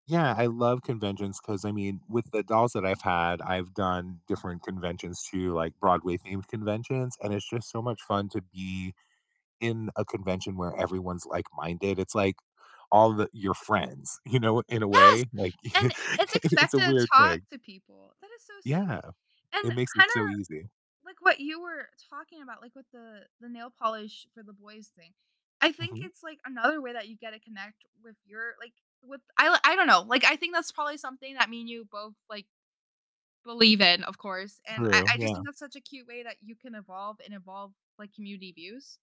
Yeah, I love conventions 'cause, I mean, with the dolls that I've had, I've done different conventions too, like Broadway themed conventions, and it's just so much fun to be in a convention where everyone's like-minded, it's, like, all the your friends, you know, in a Yes, way, like, and it's it's a expected to weird talk thing. to people, that is so Yeah, sweet, and it makes it kinda, so easy. like, what you were talking about, like, with the the nail polish for the boys thing, I think Mhm. it's, like, another way that you get to connect with your, like, with I I don't know, like, I think that's probably something that me and you both, like believe in, of course, and I True, I just yeah. think that's such a cute way that you can evolve and evolve, like, community views.